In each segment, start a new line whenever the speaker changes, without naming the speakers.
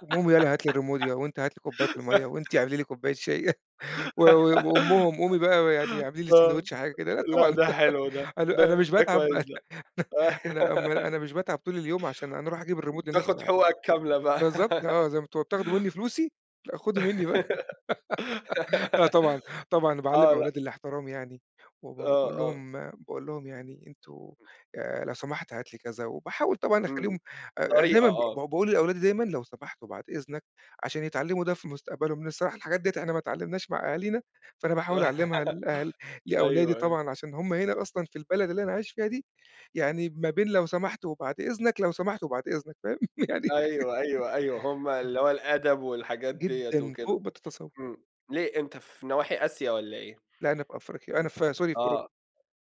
قوم ياله هات لي الريموت يا وأنت هات لي كوبّاية المَيّة وأنتِ اعملي لي كوبّاية شاي، و و وأمُّهم، قومي بقى يعني اعملي لي
آه.
ساندويتش حاجة كده، لأ
لأ
طبعًا.
ده حلو ده،
أنا أنا
ده
مش
ده
باتعب
كويس ده.
أنا أم أنا مش باتعب طول اليوم عشان أنا أروح أجيب الريموت لنفسي
تاخُد
يعني.
حقوقك كاملة بقى.
بالضبط، آه، زي ما أنتم وبتاخدوا منّي فلوسي، لأ خدوا منّي بقى لأ طبعًا، طبعًا باعلّم
آه، لأ.
أولادي الاحترام يعني وب
آه،
باقول
آه.
لهم باقول لهم يعني أنتم
إمم.
آآ، لو سمحت هات لي كذا وباحاول طبعًا
إمم.
أخلّيهم أ دايمًا
طريقة،
ب ب
آه.
باقول للأولادي دايمًا لو سمحت وبعد إذنك، عشان يتعلّموا ده في مستقبلهم، لإن الصراحة الحاجات ديّة إحنا ما اتعلّمناهاش مع أهالينا، فأنا باحاول أعلّمها لأل لأولادي
أيوه، أيوه.
طبعًا عشان هم هنا أصلًا في البلد اللي أنا عايش فيها دي، يعني ما بين لو سمحت وبعد إذنك، لو سمحت وبعد إذنك، فاهم؟ يعني
أيوه، أيوه، أيوه. هم
إمم.
اللي هو الأدب والحاجات ديّة
جدًا.
وكده،
فوق ما تتصوّر.
إمم. ليه أنت في نواحي آسيا والّا إيه؟
لأ، أنا في أفريقيا. أنا في sorry في أوروبا.
آه،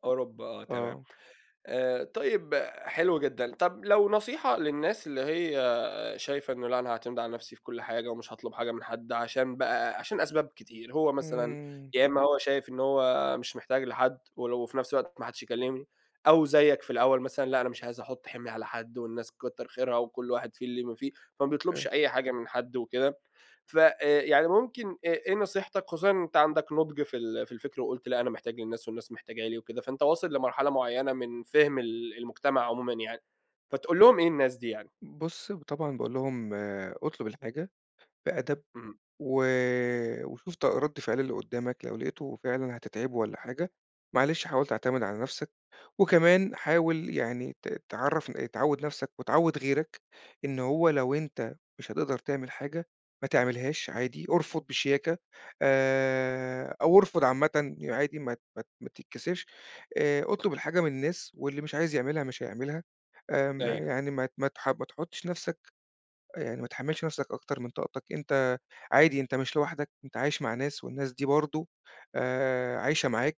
أوروبا، آه تمام.
آه.
آآ طيب، حلو جدًا. طب لو نصيحة للناس اللي هي شايفة إنه لأ أنا هاعتمد على نفسي في كل حاجة ومش هاطلب حاجة من حد عشان بقى عشان أسباب كتير، هو مثلًا
إمم.
يا إمّا هو شايف إن هو مش محتاج لحد ولو في نفس الوقت ما حدّش يكلّمني، أو زيّك في الأول مثلًا، لأ أنا مش عايز أحُط حِمْل على حد والناس كتّر خيرها وكل واحد فيه اللي ما فيه، فما بيطلبش
أوكي.
أي حاجة من حد وكده، ف آآ، يعني ممكن آآ إيه نصيحتك خصوصًا إن انت عندك نُضْج في ال في الفِكْر وقُلت لأ أنا محتاج للناس والناس محتاجة لي وكده، فأنت واصل لمرحلة معيّنة من فِهْم ال المجتمع عمومًا يعني، فتقول لهم إيه الناس دي يعني؟
بُص ب طبعًا باقول لهم: "اطلُب الحاجة بِأَدَب
اهم.
و وشوف ط رَد فعل اللي قُدّامك، لو لقيته فعلًا هتتعبه والّا حاجة، معلش حاول تعتمد على نفسك وكمان حاول يعني ت تعرّفن تعوِّد نفسك وتعوِّد غيرك إن هو لو أنت مش هتقدر تعمل حاجة، ما تعملهاش عادي، ارفُض بشياكة آآ أو ارفُض عامةً ي عادي ما ت ما ت ما تتكسفش. آآ، اطلُب الحاجة من الناس واللي مش عايز يعملها مش هيعملها، آمم
أيوه.
يعني ما ت ما تح ما تحُطّش نفسك أ يعني ما تحمّلش نفسك أكتر من طاقتك، أنت عادي أنت مش لوحدك، أنت عايش مع ناس والناس دي برضه آآ عايشة معاك،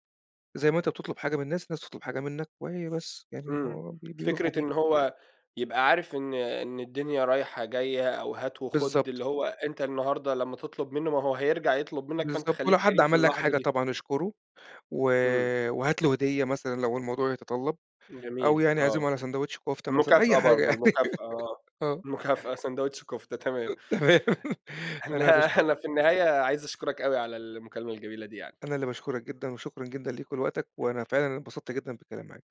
زي ما أنت بتطلُب حاجة من الناس، الناس بتطلُب حاجة منّك وهي بس يعني
إمم.
هو ب بيروح
فكرة
وبييجي."
إن هو يبقى عارف إن إن الدنيا رايحة، جاية أو هات وخُد،
بالضبط.
اللي هو أنت النهاردة لمّا تطلُب منّه، ما هو هيرجع يطلُب منّك، فأنت
بالضبط. ولو
خلّيك
حد
كريم في
عمل لك
اللحظة
حاجة
دي.
طبعًا اشكُره، و
إمم.
وهات له هدية مثلًا لو الموضوع يتطلَّب، أو
جميل،
يعني
آه.
اعزمه على ساندوتش كُفتة مثلًا أي
المكافأة
حاجة
برضه،
يعني.
المكافأة، آه.
آه.
مكافأة سندويش كفتة، تمام.
تمام. أنا باشك
النها أنا في النهاية عايز أشكُرك أوي على المكالمة الجميلة دي يعني.
أنا اللي باشكُرك جدًا وشكرًا جدًا ليك ولوقتك، وأنا فعلًا انبسطت جدًا بالكلام معاك.